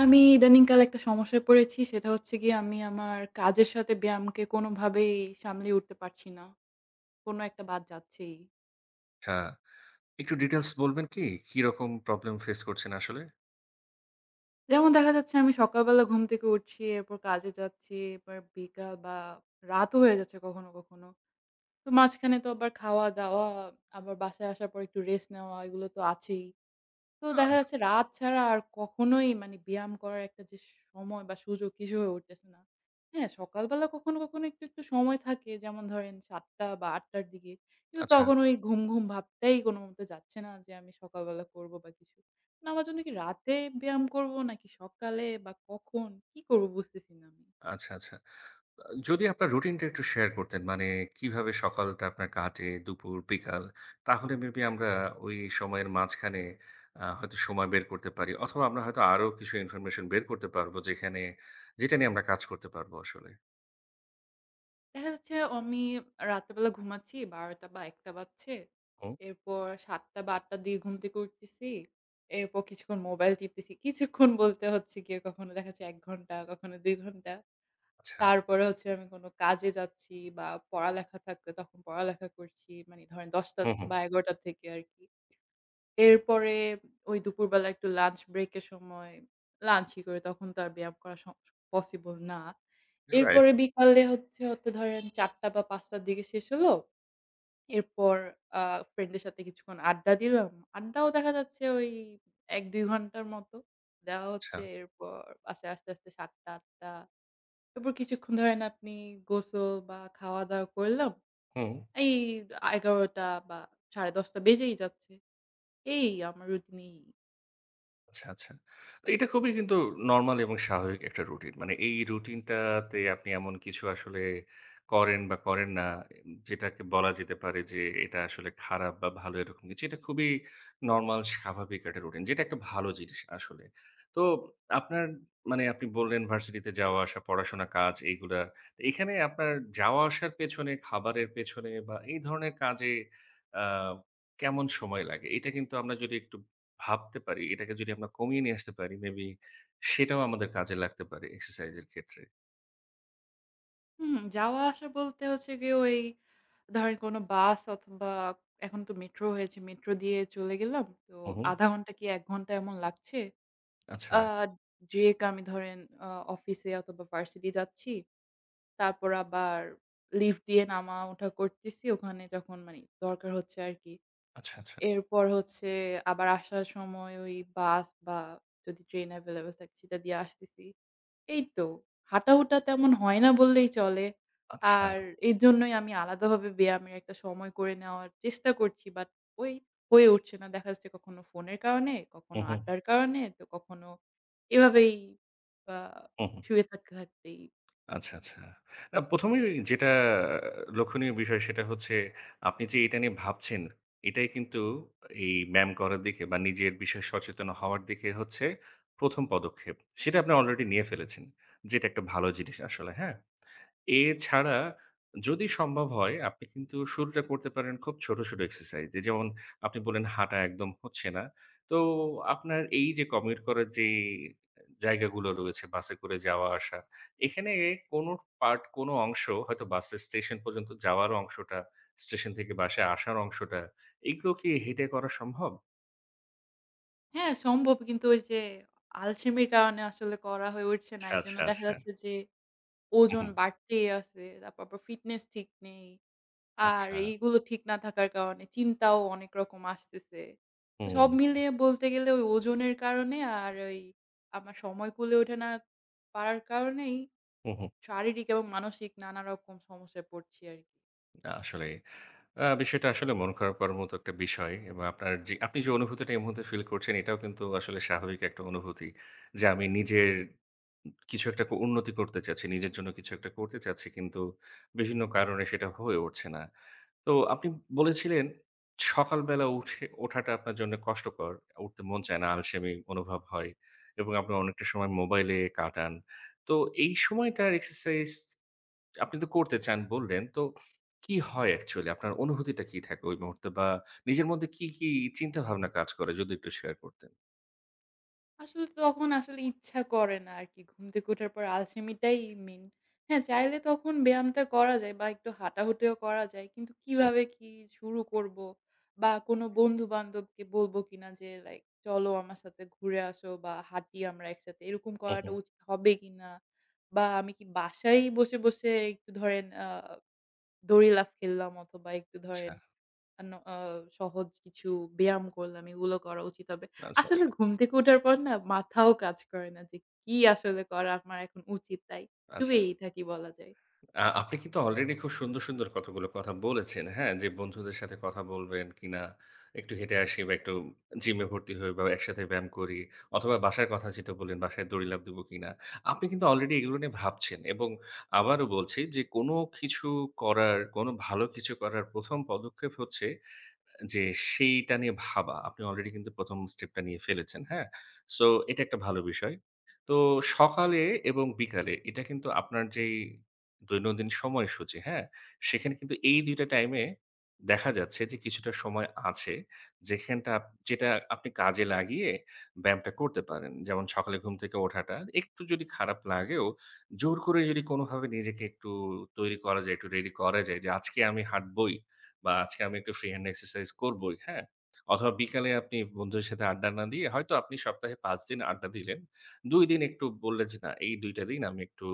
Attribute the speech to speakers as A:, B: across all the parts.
A: আমি ইদানিংকালে একটা সমস্যায় পড়েছি। সেটা হচ্ছে গিয়ে আমি আমার কাজের সাথে ব্যায়ামকে কোনোভাবেই সামলে উঠতে পারছি না। কোনো একটা বাদ যাচ্ছেই।
B: ঠা একটু details বলবেন কী? কীরকম problem face করছেন আসলে?
A: যেমন দেখা যাচ্ছে আমি সকালবেলা ঘুম থেকে উঠছি, এরপর কাজে যাচ্ছি, এরপর বিকাল বা রাতও হয়ে যাচ্ছে কখনো, কখনো। তো মাঝখানে তো আবার খাওয়া-দাওয়া, আবার বাসায় আসার পরে একটু rest নেওয়া এগুলো তো আছেই। তো দেখা
B: আহ!
A: যাচ্ছে রাত ছাড়া আর কখনোই মানে ব্যায়াম করার একটা যে সময় বা সুযোগ কিছু হয়ে উঠতেছে না। হ্যাঁ, সকালবেলা কখনো কখনো একটু, একটু সময় থাকে, যেমন ধরেন ৭:00 টা বা ৮:00 টার দিকে। কিন্তু
B: আচ্ছা।
A: তখন ওই ঘুম, ঘুম ভাবটাই কোনোমতে যাচ্ছে না যে আমি সকালবেলা করবো বা কিছু। না আমার জন্য কী রাতে ব্যায়াম করবো নাকি সকালে বা কখন, কী করব বুঝতেছি না আমি।
B: আচ্ছা, আচ্ছা। অঁ যদি আপনার routine টা একটু share করতেন। মানে কিভাবে সকালটা আপনার কাটে, দুপুর, বিকাল। তাহলে maybe আমরা ওই সময়ের মাঝখানে আ হয়তো সময় বের করতে পারি অথবা আমরা হয়তো আরও কিছু information বের করতে পারবো, যেখানে যেটা নিয়ে আমরা কাজ করতে পারবো আসলে।
A: দেখা যাচ্ছে আমি রাতের বেলা ঘুমাচ্ছি ১২ঃ০০ টা বা ১ঃ০০ টা বাজছে।
B: হুম।
A: এরপর ৭ঃ০০ টা বা ৮ঃ০০ টার দিকে ঘুম থেকে উঠতেছি। এরপর কিছুক্ষণ মোবাইল টিপতেছি। কিছুক্ষণ বলতে হচ্ছে গিয়ে কখনো দেখা যাচ্ছে ১ ঘণ্টা, কখনো ২ ঘণ্টা।
B: আচ্ছা।
A: তারপরে হচ্ছে আমি কোনো কাজে যাচ্ছি বা পড়ালেখা থাকলে তখন পড়ালেখা করছি। মানে ধরেন ১০:০০ টা
B: হুম, হুম।
A: বা ১১:০০ টা থেকে আরকি। এরপরে ওই দুপুরবেলা একটু lunch break এর সময় lunch ই করি। তখন তো আর ব্যায়াম করা সম possible না।
B: right।
A: এরপরে বিকালে হচ্ছে হতে ধরেন ৪ঃ০০ টা বা ৫ঃ০০ টার দিকে শেষ হলো। এরপর আ friend দের সাথে কিছুক্ষণ আড্ডা দিলাম। আড্ডাও দেখা যাচ্ছে ওই ১ ২ ঘণ্টার মতো। দেওয়া হচ্ছে
B: আচ্ছা।
A: এরপর বাসা আসতে আসতে ৭ঃ০০ টা ৮ঃ০০ টা। এরপর কিছুক্ষণ ধরেন আপনি গোসল বা খাওয়া-দাওয়া করলাম।
B: হুম।
A: এই আ ১১:০০ টা বা ১০:৩০ টা বেজেই যাচ্ছে। এই আমার routine এই।
B: আচ্ছা, আচ্ছা। এটা খুবই কিন্তু normal এবং স্বাভাবিক একটা routine। মানে এই routine টাতে আপনি এমন কিছু আসলে করেন বা করেন না যেটাকে বলা যেতে পারে যে এটা আসলে খারাপ বা ভালো এরকম কিছু। এটা খুবই normal স্বাভাবিক একটা routine যেটা একটা ভালো জিনিস আসলে। তো আপনার মানে আপনি বললেন ভার্সিটিতে যাওয়া আসা, পড়াশোনা, কাজ এইগুলা। এখানে আপনার যাওয়া আসার পেছনে, খাবারের পেছনে বা এই ধরনের কাজে আ কেমন সময় লাগে এটা কিন্তু আমরা যদি একটু ভাবতে পারি, এটাকে যদি আমরা কমিয়ে নিয়ে আসতে পারি maybe সেটাও আমাদের কাজে লাগতে পারে exercise এর ক্ষেত্রে।
A: হুম, যাওয়া আসা বলতে হচ্ছে গিয়ে ওই ধরেন কোনো bus অথবা এখন তো metro হয়েছে, metro দিয়ে চলে গেলাম। তো
B: হু, হু।
A: ১/২ ঘণ্টা কি ১ ঘণ্টা এমন লাগছে। আ
B: আচ্ছা।
A: যেয়ে আমি ধরেন আ অফিসে অথবা university যাচ্ছি। তারপর আবার lift দিয়ে নামা-ওঠা করতেছি ওখানে যখন মানে দরকার হচ্ছে আরকি।
B: আচ্ছা, আচ্ছা।
A: এরপর হচ্ছে আবার আসার সময় ওই bus বা যদি train available থাকে সেটা দিয়ে আসতেছি। এইতো, হাঁটা-উটা তেমন হয় না বললেই চলে।
B: আচ্ছা।
A: আর এর জন্যই আমি আলাদা ভাবে ব্যায়ামের একটা সময় করে নেওয়ার চেষ্টা করছি। But ওই হয়ে উঠছে না। দেখা যাচ্ছে কখনো ফোনের কারণে, কখনো
B: হুম, হুম।
A: আড্ডার কারণে তো কখনো এভাবেই বা
B: হুম।
A: শুয়ে থাকতে থাকতেই।
B: আচ্ছা, আচ্ছা। না ১ম এর যেটা লক্ষণীয় বিষয় সেটা হচ্ছে আপনি যে এটা নিয়ে ভাবছেন, এটাই কিন্তু এই ব্যায়াম করার দিকে বা নিজের বিষয়ে সচেতন হওয়ার দিকে হচ্ছে ১ম পদক্ষেপ। সেটা আপনি already নিয়ে ফেলেছেন, যেটা একটা ভালো জিনিস আসলে, হ্যাঁ? এছাড়া যদি সম্ভব হয়, আপনি কিন্তু শুরুটা করতে পারেন খুব ছোট, ছোট exercise দিয়ে। যেমন আপনি বললেন হাঁটা একদম হচ্ছে না। তো আপনার এই যে commit করার যে জায়গাগুলো রয়েছে বাসে করে যাওয়া আসা, এখানে কোন part কোন অংশ হয়তো বাসের station পর্যন্ত যাওয়ার অংশটা, station থেকে বাসায় আসার অংশটা, এগুলো কি হেঁটে করা সম্ভব?
A: হ্যাঁ, সম্ভব। কিন্তু ওই যে আলসেমির কারণে আসলে করা হয়ে উঠছে না।
B: আচ্ছা,
A: এজন্য
B: আচ্ছা,
A: দেখা
B: আচ্ছা।
A: যাচ্ছে যে
B: উম
A: ওজন
B: হুম।
A: বাড়তেই আছে। তারপর আবার fitness ঠিক নেই। আর
B: আচ্ছা।
A: এইগুলো ঠিক না থাকার কারণে চিন্তাও অনেক রকম আসতেছে। তো সব
B: হুম।
A: মিলিয়ে বলতে গেলে ওই ওজনের কারণে আর ওই আমার সময় কূলে ওঠে না পারার কারণেই
B: হুম, হু।
A: শারীরিক এবং মানসিক নানা রকম সমস্যায় পড়ছি আর
B: আসলে আ বিষয়টা আসলে মন খারাপ করার মতো একটা বিষয় এবং আপনার যে আপনি যে অনুভূতিটা এই মুহূর্তে feel করছেন এটাও কিন্তু আসলে স্বাভাবিক একটা অনুভূতি। যে আমি নিজের কিছু একটা উন্নতি করতে চাচ্ছি, নিজের জন্য কিছু একটা করতে চাচ্ছি কিন্তু বিভিন্ন কারণে সেটা হয়ে উঠছে না। তো আপনি বলেছিলেন সকালবেলা উঠে ওঠাটা আপনার জন্য কষ্টকর। উঠতে মন চায় না, আলসেমি অনুভব হয় এবং আপনি অনেকটা সময় মোবাইলে কাটান। তো এই সময়টার exercise আপনি তো করতে চান বললেন। তো কী হয় actually আপনার, অনুভূতিটা কী থাকে ওই মুহূর্তে বা নিজের মধ্যে কী, কী চিন্তা ভাবনা কাজ করে যদি একটু share করতেন?
A: আসলে তখন আসলে ইচ্ছা করে না আরকি, ঘুম থেকে ওঠার পর আলসেমিটাই main। হ্যাঁ, চাইলে তখন ব্যায়ামটা করা যায় বা একটু হাঁটা-হুঁটিও করা যায়। কিন্তু
B: হুম।
A: কীভাবে কী শুরু করব বা কোনো বন্ধু-বান্ধবকে বলব কিনা যে like "চলো আমার সাথে ঘুরে আসো বা হাঁটি আমরা একসাথে," এরকম
B: উম,
A: করাটা
B: হুম।
A: উচিত হবে কীনা? বা আমি কী বাসায়ই বসে, বসে একটু ধরেন আ দড়ি লাফ খেল্লাম অথবা একটু
B: আচ্ছা
A: ধরেন অন্য অ সহজ কিছু ব্যায়াম করলাম, এগুলো করা উচিত হবে?
B: আচ্ছা,
A: আসলে
B: আচ্ছা
A: ঘুম থেকে ওঠার পর না? মাথাও কাজ করে না যে, কি আসলে করা আমার এখন উচিত? তাই
B: আচ্ছা।
A: শুয়েই থাকি বলা যায়।
B: আ আপনি কিন্তু already খুব সুন্দর, সুন্দর কতগুলো কথা বলেছেন, হ্যাঁ? যে বন্ধুদের সাথে কথা বলবেন কীনা, "একটু হেঁটে আসি বা একটু gym এ ভর্তি হই বা একসাথে ব্যায়াম করি।" অথবা বাসার কথা যেটা বল্লেন, "বাসায় দড়ি লাফ দিবো কিনা?" আপনি কিন্তু already এগুলো নিয়ে ভাবছেন এবং আবারও বলছি যে কোনো কিছু করার, কোনো ভালো কিছু করার ১ম পদক্ষেপ হচ্ছে এ যে সেইটা নিয়ে ভাবা। আপনি already কিন্তু ১ম step টা নিয়ে ফেলেছেন, হ্যাঁ? So এটা একটা ভালো বিষয়। তো সকালে এবং বিকালে এটা কিন্তু আপনার যেই দৈনন্দিন সময়সূচী, হ্যাঁ? সেখানে কিন্তু এই ২ টা time এ দেখা যাচ্ছে যে কিছুটা সময় আছে, যেখানটা যেটা আপনি কাজে লাগিয়ে ব্যায়ামটা করতে পারেন। যেমন সকালে ঘুম থেকে ওঠাটা, একটু যদি খারাপ লাগেও জোর করে যদি কোনোভাবে নিজেকে একটু তৈরি করা যায়, একটু ready করা যায় যে, "আজকে আমি হাঁটবোই বা আজকে আমি একটু free hand exercise করবোই," হ্যাঁ? অথবা বিকালে আপনি বন্ধুদের সাথে আড্ডা না দিয়ে, হয়তো আপনি সপ্তাহে ৫ দিন আড্ডা দিলেন, ২ দিন একটু বল্লেন যে "না, এই ২ টা দিন আমি একটু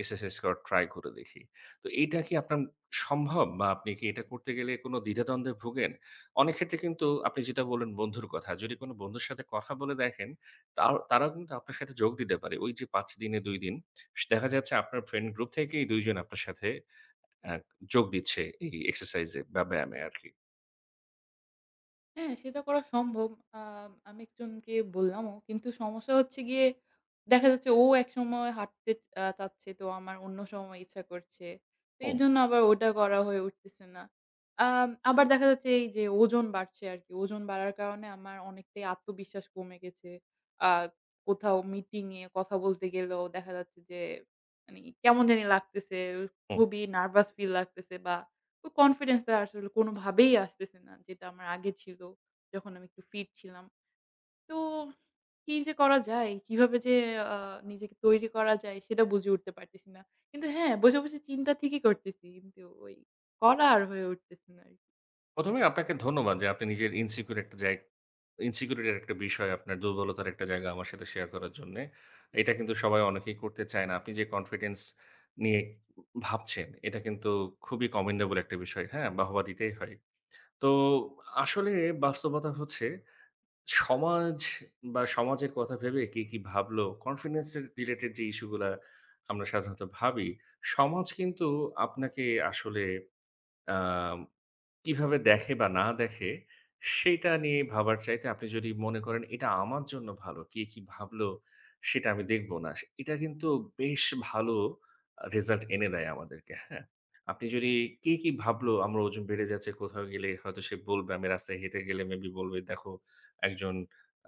B: exercise করার try করে দেখি।" তো এইটা কি আপনার ম সম্ভব বা আপনি কী এইটা করতে গেলে কোনো দ্বিধাদ্বন্দ্বে ভোগেন? অনেক ক্ষেত্রে কিন্তু আপনি যেটা বল্লেন বন্ধুর কথা, যদি কোনো বন্ধুর সাথে কথা বলে দেখেন তাও তারাও কিন্তু আপনার সাথে যোগ দিতে পারে। ওই যে ৫ দিনে ২ দিন, স দেখা যাচ্ছে আপনার friend group থেকেই ২ জন আপনার সাথে অ্যা যোগ দিচ্ছে এই exercise এ বা ব্যায়ামে আরকি।
A: হ্যাঁ, সেটা করা সম্ভব। আ আমি একজনকে বললামও। কিন্তু সমস্যা হচ্ছে গিয়ে, দেখা যাচ্ছে, ও একসময় হাঁটতে আ চাচ্ছে, তো আমার অন্য সময় ইচ্ছা করছে। তো,
B: হুম।
A: এর জন্য আবার ওটা করা হয়ে উঠতেছে না। আ আবার দেখা যাচ্ছে, এই যে ওজন বাড়ছে আরকি। ওজন বাড়ার কারণে আমার অনেকটাই আত্মবিশ্বাস কমে গেছে। আ কোথাও মিটিং এ কথা বলতে গেলেও, দেখা যাচ্ছে যে, মানে কেমন জানি লাগতেছে।
B: হুম।
A: খুবই নার্ভাস ফীল লাগতেছে, বা ওই কনফিডেন্সটা, আসলে কোনোভাবেই আসতেছে না। যেটা আমার আগে ছিল, যখন আমি একটু ফিট ছিলাম। তো, কি যে করা যায়, কিভাবে যে আ নিজেকে তৈরি করা যায়, সেটা বুঝে উঠতে পারতেছি না। কিন্তু হ্যাঁ, বসে, বসে চিন্তা ঠিকই করতেছি, কিন্তু ওই, করা আর হয়ে উঠতেছে না আরকি।
B: ১ম এ আপনাকে ধন্যবাদ যে, আপনি নিজের ইনসিকিউর একটা জায় Insecurity -র একটা বিষয় আপনার দুর্বলতার একটা জায়গা, আমার সাথে শেয়ার করার জন্যে। এটা কিন্তু সবাই, অনেকেই করতে চায় না। আপনি যে কনফিডেন্স নিয়ে ভাবছেন, এটা কিন্তু খুবই commendable একটা বিষয় হ্যাঁ? বাহবা দিতেই হয়। তো, আসলে বাস্তবতা হচ্ছে সমাজ বা, সমাজের কথা ভেবে, কে কি ভাবলো, কনফিডেন্স রিলেটেড যে ইস্যুগুলা আমরা সাধারণত ভাবি, সমাজ কিন্তু আপনাকে আসলে আম কিভাবে দেখে বা, না দেখে, সেটা নিয়ে ভাবার চাইতে আপনি যদি মনে করেন এটা আমার জন্য ভালো, কে কি ভাবলো, সেটা আমি দেখবো না। এটা কিন্তু বেশ ভালো রেজাল্ট এনে দেয় আমাদেরকে, হ্যাঁ? আপনি যদি কে কি ভাবলো, আমার ওজন বেড়ে যাচ্ছে, কোথাও গেলে হয়তো সে বলবে, আমি রাস্তায় হেঁটে গেলে মেইবি বলবে দেখো, একজন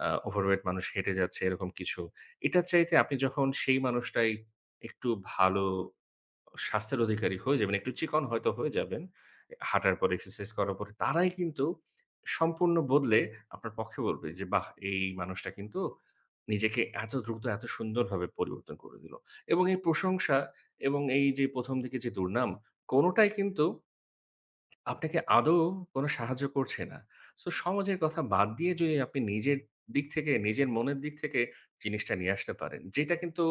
B: আ ওভারওয়েট মানুষ হেঁটে যাচ্ছে, এরকম কিছু। এটার চাইতে আপনি যখন সেই মানুষটাই একটু ভালো স্বাস্থ্যের অধিকারী হয়ে যাবেন, একটু চিকন হয়তো হয়ে যাবেন হাঁটার পর, এক্সারসাইজ করার পরে, তারাই কিন্তু সম্পূর্ণ বদলে আপনার পক্ষে বলবে যে, "বাহ! এই মানুষটা কিন্তু নিজেকে এত দ্রুত, এত সুন্দরভাবে পরিবর্তন করে দিল", এবং এই প্রশংসা, এবং এই যে ১ম দিকে যে দুর্নাম, কোনোটাই কিন্তু আপনাকে আদৌ, কোন সাহায্য করছে না। সো, সমাজের কথা বাদ দিয়ে যদি আপনি নিজের দিক থেকে, নিজের মনের দিক থেকে, জিনিসটা নিয়ে আসতে পারেন যেটা কিন্তু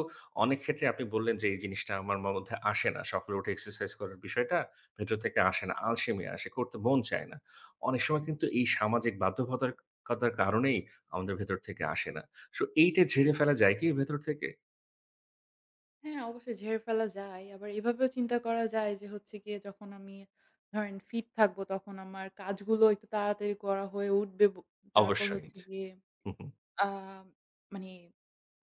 B: অনেক ক্ষেত্রে আপনি বললেন যে, এই জিনিসটা আমার ম মধ্যে আসে না। সকালে উঠে এক্সারসাইজ করার বিষয়টা, ভেতর থেকে আসে না, আলসেমি আসে, করতে মন চায় না। অনেক সময় কিন্তু এই সামাজিক বাধ্যবতার কতার কারণেই আমাদের ভেতর থেকে আসে না। সো, এইটা ঝেড়ে ফেলা যায় কি, ভেতর থেকে?
A: হ্যাঁ, অবশ্যই ঝেড়ে ফেলা যায়। আবার এভাবেও চিন্তা করা যায় যে হচ্ছে গিয়ে যখন আমি ধরেন fit থাকবো, তখন আমার কাজগুলো একটু তাড়াতাড়ি করা হয়ে উঠবে। ব তারপর
B: অবশ্যই চ
A: হচ্ছে গিয়ে
B: হু, হু।
A: আ মানে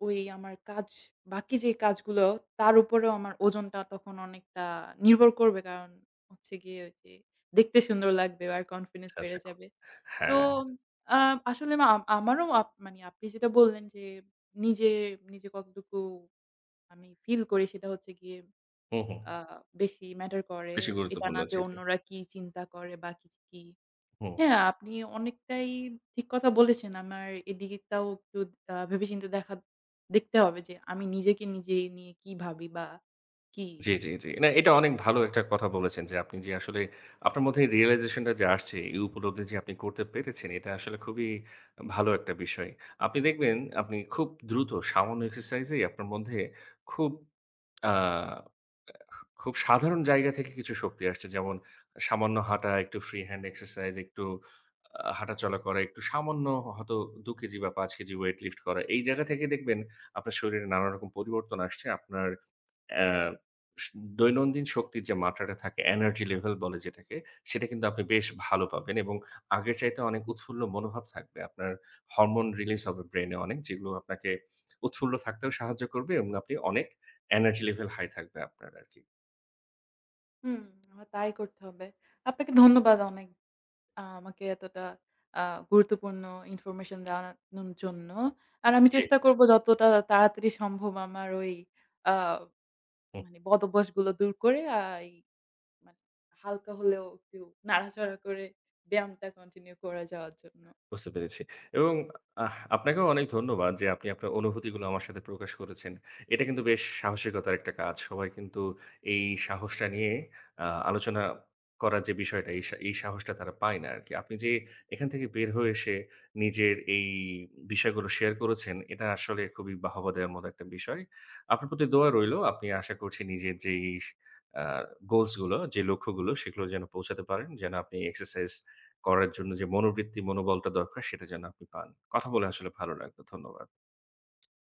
A: ওই আমার কাজ, বাকি যে কাজগুলো তার উপরেও আমার ওজনটা তখন অনেকটা নির্ভর করবে। কারণ, হচ্ছে গিয়ে ওই যে দেখতে সুন্দর লাগবে আর confidence
B: আচ্ছা, আচ্ছা।
A: বেড়ে
B: খুব
A: যাবে। তো,
B: হ্যাঁ।
A: আ আসলে না আমারও আপ মানে আপনি যেটা বললেন যে, নিজে, নিজে কতটুকু আমি feel করি সেটা হচ্ছে গিয়ে
B: হু, হু।
A: আ বেশি matter করে।
B: বেশি
A: এটা
B: গুরুত্বপূর্ণ
A: না যে
B: হচ্ছে এটি।
A: অন্যরা কি চিন্তা করে বা কি, কি।
B: হু।
A: হ্যাঁ, আপনি অনেকটাই ঠিক কথা বলেছেন। আমার এদিকেটাও একটু আ ভেবে-চিন্তে দেখা দেখতে হবে যে আমি নিজেকে নিজে, নিয়ে কি ভাবি বা কি?
B: জ্বী, জ্বী, জ্বী। না এটা অনেক ভালো একটা কথা বলেছেন যে আপনি যে আসলে আপনার মধ্যে এই realization টা যে আসছে, এই উপলব্ধি যে আপনি করতে পেরেছেন, এটা আসলে খুবই ভালো একটা বিষয়। আপনি দেখবেন আপনি খুব দ্রুত সামান্য exercise-এই আপনার মধ্যে খুব, আ অ্যা খুব সাধারণ জায়গা থেকে কিছু শক্তি আসছে। যেমন সামান্য হাঁটা, একটু free hand exercise, একটু আ হাঁটাচলা করা, একটু সামান্য হয়তো ২ কেজি বা ৫ কেজি weight lift করা। এই জায়গা থেকে দেখবেন আপনার শরীরে নানারকম পরিবর্তন আসছে। আপনার অ্যা স দৈনন্দিন শক্তির যে মাত্রাটা থাকে energy level বলে যেটাকে, সেটা কিন্তু আপনি বেশ ভালো পাবেন। এবং আগের চাইতে অনেক উৎফুল্ল মনোভাব থাকবে। আপনার hormone release হবে brain এ অনেক যেগুলো আপনাকে উৎফুল্ল থাকতেও সাহায্য করবে। এবং আপনি অনেক energy level high থাকবে আপনার আরকি।
A: হুম, তাই করতে হবে। আপনাকে ধন্যবাদ অনেক, আ আমাকে এতটা আ গুরুত্বপূর্ণ information জানানোর জ জন্য। আর আমি
B: জ্বী।
A: চেষ্টা করব যতটা তাড়াতাড়ি সম্ভব আমার ওই আ
B: হু।
A: মানে বদ অভ্যাসগুলো দূর করে, আ এই মানে হালকা হলেও একটু নাড়াচাড়া করে ব্যায়ামটা continue করে যাওয়ার জন্য।
B: বুঝতে পেরেছি। এবং আহ আপনাকেও অনেক ধন্যবাদ যে আপনি আপনার অনুভূতিগুলো আমার সাথে প্রকাশ করেছেন। এটা কিন্তু বেশ সাহসিকতার একটা কাজ। সবাই কিন্তু এই সাহসটা নিয়ে আ আলোচনা করার যে বিষয়টা এই সা এই সাহসটা তারা পায় না আরকি। আপনি যে এখান থেকে বের হয়ে এসে, নিজের এই বিষয়গুলো share করেছেন এটা আসলে খুবই বাহবা দেওয়ার মতো একটা বিষয়। আপনার প্রতি দোয়া রইল। আপনি আশা করছি নিজের যেই আ goals গুলো যে লক্ষ্যগুলো সেগুলোতে যেন পৌঁছাতে পারেন। যেন আপনি exercise করার জন্য যে মনোবৃত্তি, মনোবলটা দরকার সেটা যেন আপনি পান। কথা বলে আসলে ভালো লাগলো। ধন্যবাদ।